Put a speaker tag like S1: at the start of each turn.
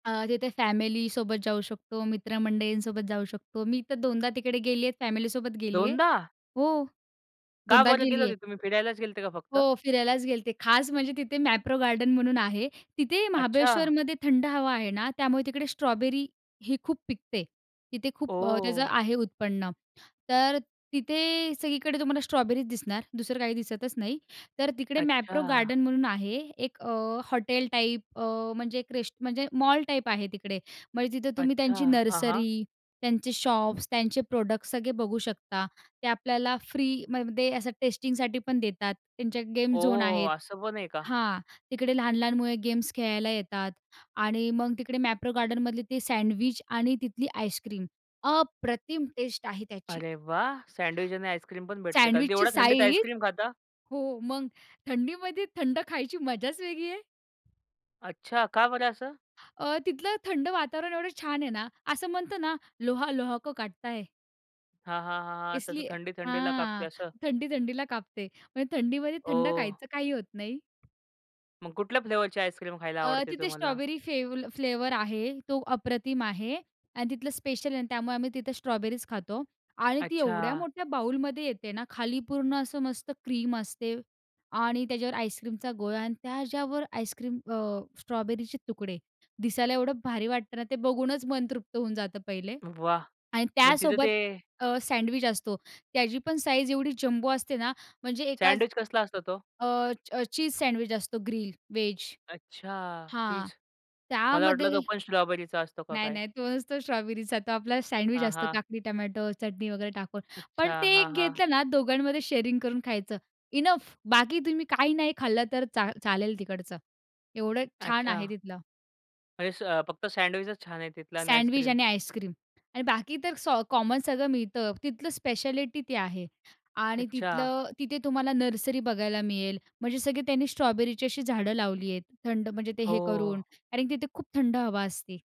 S1: अ, तिथे फॅमिलीसोबत जाऊ शकतो. मित्रमंडळींसोबत जाऊ शकतो. मी तर दोनदा तिकडे गेली आहे. फॅमिलीसोबत गेली आहे.
S2: दोनदा?
S1: हो.
S2: का
S1: दोनदा
S2: बरं गेले
S1: गेली आहे.
S2: होते? तुम्ही फिरायलाच गेले होते का फक्त?
S1: हो. फिरायलाच गेले होते. खास म्हणजे तिथे मॅप्रो गार्डन म्हणून आहे. तिथे
S2: अच्छा!
S1: महाबळेश्वरमध्ये थंड हवा आहे ना. त्यामुळे तिकडे स्ट्रॉबेरी ही खूप पिकते. तिथे खूप अ, त्याचं
S2: ओह!
S1: आहे उत्पन्न. तर तिथे सगळीकडे तुम्हाला स्ट्रॉबेरीच दिसणार. दुसरं काही दिसतच नाही. तर तिकडे मॅप्रो
S2: अच्छा!
S1: गार्डन म्हणून आहे एक अ, हॉटेल टाईप अ, म्हणजे अ, एक रेस्ट म्हणजे मॉल टाईप आहे तिकडे. म्हणजे तिथं तुम्ही
S2: अच्छा!
S1: त्यांची
S2: हां, हां.
S1: नर्सरी, त्यांचे शॉप्स, त्यांचे प्रॉडक्ट्स सगळे बघू शकता. ते आपल्याला फ्रीमध्ये असं टेस्टिंगसाठी पण देतात. त्यांच्या गेम झोन
S2: ओह!
S1: आहेत.
S2: असं पण आहे का?
S1: हां. तिकडे लहान-लहान मुले गेम्स खेळायला येतात. आणि मग तिकडे मॅप्रो गार्डनमधले ते सँडविच आणि तिथली आईस्क्रीम, अप्रतिम टेस्ट आहे त्याची.
S2: अरे वाह! सँडविच आणि आईस्क्रीम पण भेटते का? अगदी
S1: सँडविचची
S2: एवढ्या थंडीत
S1: साइज.
S2: आईस्क्रीम खाता?
S1: हो. मग थंडीमध्ये थंड खायची मजाच वेगळी आहे.
S2: अच्छा! का बरं असं?
S1: अ, तिथलं थंड वातावरण एवढं छान आहे ना. असं म्हणतो ना ''लोहा लोहे को काटता है.''
S2: हां, हां, हां, हां. तसं
S1: इसलीये
S2: थंडी थंडीला कापते
S1: हां.
S2: असं.
S1: थंडी थंडीला कापते. म्हणजे थंडीमध्ये थंड
S2: ओह!
S1: खायचं. काही होत नाही.
S2: मग कुठल्या फ्लेवरची आईस्क्रीम खायला
S1: अ,
S2: आवडते
S1: तिथे
S2: तुम्हाला?
S1: स्ट्रॉबेरी फेव फ्लेवर आहे. तो अप्रतिम आहे आणि तिथलं स्पेशल आहे आणि त्यामुळे आम्ही तिथे स्ट्रॉबेरीच खातो आणि ती एवढ्या
S2: अच्छा!
S1: मोठ्या बाऊलमध्ये येते ना. खाली पूर्ण असं मस्त क्रीम असते आणि त्याच्यावर आईस्क्रीमचा गोळा आणि त्याच्यावर आईस्क्रीम अ, स्ट्रॉबेरीचे तुकडे. दिसायला एवढं भारी वाटतं ना ते? बघूनच मन तृप्त होऊन जातं पहिले
S2: वाह!
S1: आणि
S2: मग तिथं
S1: त्यासोबत
S2: ते
S1: अ, सँडविच असतो. त्याची पण साईज एवढी जम्बो असते ना म्हणजे एकाच
S2: सँडविच कसला असतो तो?
S1: अ, चीज सँडविच असतो, ग्रील व्हेज.
S2: अच्छा,
S1: हां.
S2: चीज. मला वाटलं
S1: त्यामध्ये
S2: तो पण स्ट्रॉबेरीचा असतो का
S1: नाही,
S2: काय?
S1: नाही, तो नसतो स्ट्रॉबेरीचा. तो आपला सँडविच
S2: हां,
S1: असतं,
S2: हां.
S1: काकडी, टोमॅटो, चटणी वगैरे टाकून. पण
S2: अच्छा.
S1: ते
S2: हां,
S1: एक
S2: हां.
S1: घेतलं ना, दोघांमध्ये शेअरिंग करून खायचं, इनफ. बाकी तुम्ही काही नाही खाल्लं तर चा चालेल तिकडचं. एवढं छान आहे
S2: अच्छा.
S1: तिथलं.
S2: म्हणजे स फक्त सँडविचच छान आहे तिथलं आणि
S1: सँडविच
S2: आईस्क्रीम.
S1: आणि आईस्क्रीम आणि बाकी तर स कॉमन सगळं मिळतं. तिथलं स्पेशालिटी ते आहे. आणि
S2: अच्छा.
S1: तिथलं, तिथे तुम्हाला नर्सरी बघायला मिळेल. म्हणजे सगळे त्यांनी स्ट्रॉबेरीची अशी झाडं लावली आहेत, थंड म्हणजे ते हे
S2: हो.
S1: करून कारण तिथे खूप थंड हवा असते.